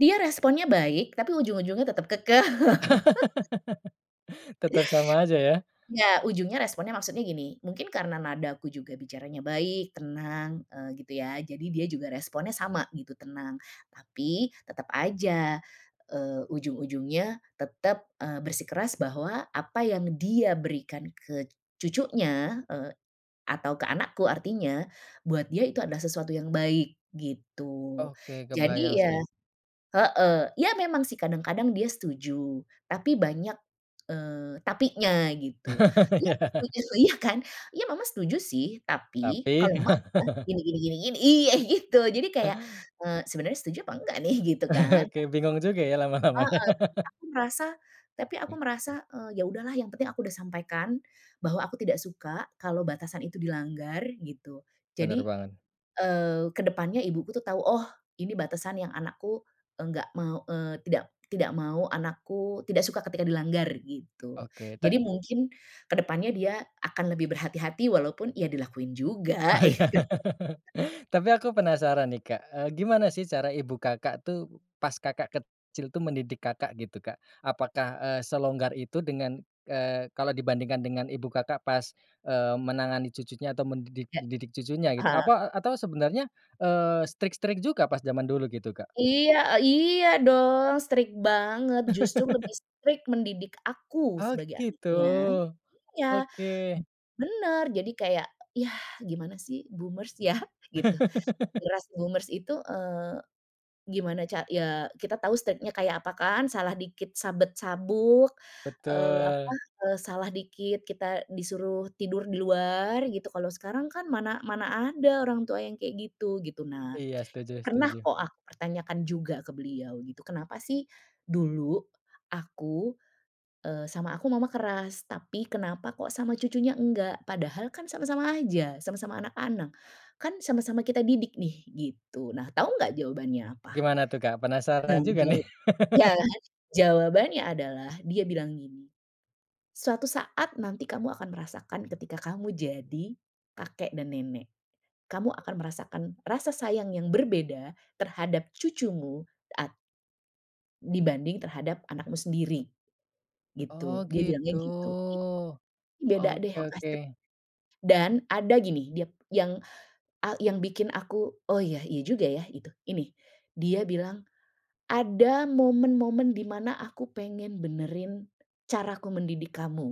Dia responnya baik, tapi ujung-ujungnya tetap kekeh. Tetap sama aja ya. Nggak, ujungnya responnya maksudnya gini, mungkin karena nadaku juga bicaranya baik, tenang, eee, gitu ya, jadi dia juga responnya sama gitu, tenang. Tapi tetap aja, eee, ujung-ujungnya, tetap, eee, bersikeras bahwa, apa yang dia berikan ke cucunya, eee, atau ke anakku artinya, buat dia itu adalah sesuatu yang baik, gitu. Oke kebayang Jadi ya sih. heeh, ya memang sih kadang-kadang dia setuju, tapi banyak, eee, tapinya gitu. Iya, aku ya. setuju, iya kan? "Iya, Mama setuju sih, tapi Tapi. kalau Mama gini gini gini gini" iya, gitu, jadi kayak, eee, "Sebenarnya setuju apa enggak nih?" gitu kan. Oke bingung juga ya lama-lama Heeh, ya. tapi merasa, tapi aku Ya. merasa, eee, ya udahlah, yang penting aku udah sampaikan, bahwa aku tidak suka kalau batasan itu dilanggar, gitu. Benar Jadi, banget. eee, ke depannya ibuku tuh tahu, "Oh, ini batasan yang anakku enggak mau, eee, tidak tidak mau anakku, tidak suka ketika dilanggar," gitu. Oke, te. Jadi mungkin ke depannya dia akan lebih berhati-hati walaupun ya dilakuin juga, Oh, iya. gitu. Tapi aku penasaran nih, Kak, eee, gimana sih cara ibu Kakak tuh, pas Kakak kecil tuh, mendidik Kakak, gitu Kak? Apakah, eee, selonggar itu dengan, eee, kalau dibandingkan dengan Ibu Kakak pas, eee, menangani cucunya atau mendidik Ya. mendidik cucunya gitu? Heeh. Apa, e atau sebenarnya, eee, strict-strict juga pas jaman dulu gitu, Kak? Iya iya dong, strict banget, justru lebih strict mendidik aku Oh, sebagai gitu. anaknya, iya, Oke. b benar jadi kayak, yah gimana sih boomers ya, gitu. Generasi boomers itu, eee, gimana ca ya kita tahu state-nya kayak apa kan, salah dikit sabet sabuk, eee, apa, Betul. eee, salah dikit kita disuruh tidur di luar, gitu. Kalau sekarang kan mana mana ada orang tua yang kayak gitu, gitu. Nah, Iya, setuju pernah setuju. kok aku pertanyakan juga ke beliau gitu, "Kenapa sih dulu aku, eee, sama aku, Mama keras? Tapi kenapa kok sama cucunya enggak? Padahal kan sama-sama aja, sama-sama anak-anak, kan sama-sama kita didik nih," gitu. Nah, tahu enggak jawabannya apa? Gimana tuh Kak, Nah, penasaran juga nih. jawab ya, jawabannya adalah dia bilang gini, "Suatu saat nanti kamu akan merasakan ketika kamu jadi, kakek dan nenek. Kamu akan merasakan rasa sayang yang berbeda terhadap cucumu at dibanding terhadap anakmu sendiri," Oh, gitu. Dia bilangnya gitu. gitu. Beda deh Oke oke. pasti. Dan ada gini, dia yang, eee yang bikin aku, "Oh iya, iya juga ya," itu, ini, dia bilang, "Ada momen-momen di mana aku pengen benerin caraku mendidik kamu."